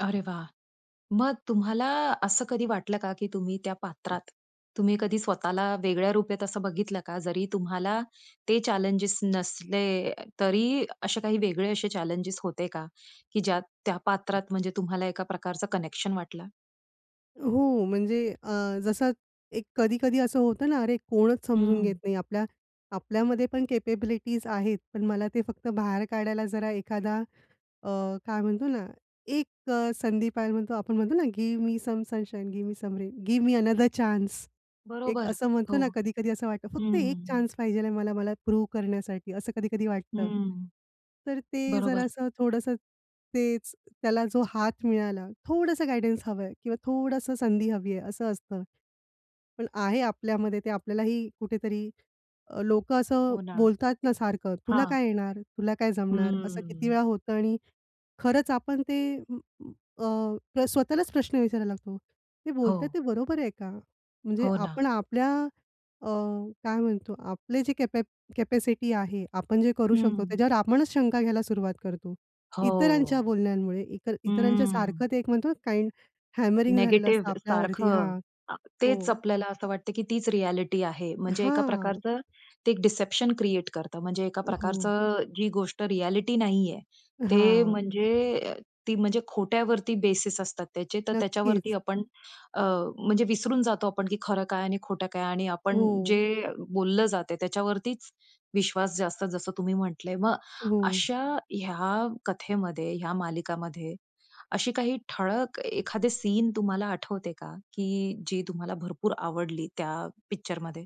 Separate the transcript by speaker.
Speaker 1: अरे वाह! मग तुम्हाला असं कधी वाटलं का, की तुम्ही त्या पात्रात. तुम्ही कधी स्वतःला वेगळ्या रूपेत असं बघितलं का? जरी तुम्हाला ते चॅलेंजस नसले, तरी असे काही वेगळे असे चॅलेंजस होते का? की ज्या त्या पात्रात म्हणजे तुम्हाला एका प्रकारचं कनेक्शन वाटलं?
Speaker 2: हो, म्हणजे अ, जसं एक कधी-कधी असं होतं ना, अरे! कोणच समजून घेत
Speaker 1: हं.
Speaker 2: नाही आपल्या. आपल्यामध्ये पण कॅपेबिलिटीज आहेत, पण मला ते फक्त बाहेर काढायला जरा एखादा, अ, काय म्हणतो ना, एक अ, संधी पाहि म्हणतो आपण. म्हणतो ना, की give me some sunshine, give me some rain, give me another chance एक
Speaker 1: बरोबर.
Speaker 2: असं म्हणतो
Speaker 1: हो.
Speaker 2: ना, कधी कधी असं वाटतं
Speaker 1: हं,
Speaker 2: फक्त एक
Speaker 1: हं.
Speaker 2: चान्स पाहिजेल आहे मला, मला प्रूव्ह करण्यासाठी असं कधी-कधी वाटतं.
Speaker 1: हं.
Speaker 2: तर ते
Speaker 1: बरोबर.
Speaker 2: जरासं थोडंसं, तेच त्याला जो हात मिळाला थोडसं गाईडन्स हवंय किंवा थोडसं संधी हवी आहे असं असतं. पण आहे आपल्यामध्ये ते आपल्यालाही कुठेतरी, अ, लोकं असं
Speaker 1: हो ना.
Speaker 2: बोलतात ना सारखं, तुला
Speaker 1: हां.
Speaker 2: काय येणार? तुला काय जमणार? असं किती
Speaker 1: हम्म.
Speaker 2: वेळा होतं आणि खरंच आपण ते अ, स्वतःलाच प्रश्न विचारायला लागतो. ते बोलत आहेत
Speaker 1: हो.
Speaker 2: ते बरोबर आहे का? म्हणजे
Speaker 1: हो ना.
Speaker 2: आपण आपल्या अ, काय म्हणतो आपले जे कॅप कॅपॅसिटी आहे, आपण जे करू शकतो
Speaker 1: हं.
Speaker 2: त्याच्यावर आपणच शंका घ्यायला सुरुवात करतो. इतरांच्या
Speaker 1: हो.
Speaker 2: बोलण्यांमुळे इतर इतरांच्या
Speaker 1: हम्म
Speaker 2: सारखं ते एक म्हणतो, काइंड हॅमरिंग झालेलं असतं
Speaker 1: निगेटिव्ह
Speaker 2: आपल्यावरती
Speaker 1: सारखं.
Speaker 2: हां.
Speaker 1: आ तेच
Speaker 2: हो.
Speaker 1: आपल्याला असं वाटतं की तीच रिअ‍ॅलिटी आहे. म्हणजे एका
Speaker 2: हां.
Speaker 1: प्रकारचं, ते एक डिसेप्शन क्रिएट करतं. म्हणजे एका
Speaker 2: हो.
Speaker 1: प्रकारचं जी गोष्ट रिअ‍ॅलिटी नाही आहे. ते
Speaker 2: हां.
Speaker 1: म्हणजे, ती म्हणजे खोट्यावरती बेसिस असतात त्याचे, तर त्याच्यावरती
Speaker 2: नक्कीच.
Speaker 1: आपण, अ, म्हणजे विसरून जातो आपण की खरं काय आणि खोटं काय आणि आपण
Speaker 2: हो.
Speaker 1: जे बोललं जातंय त्याच्यावरतीच विश्वास जास्त जसं तुम्ही म्हटलंय. मग
Speaker 2: हो.
Speaker 1: अशा ह्या कथेमध्ये, ह्या मालिकामध्ये, अशी काही ठळक एखादे सीन तुम्हाला आठवते का? की जी तुम्हाला भरपूर आवडली त्या पिक्चरमध्ये?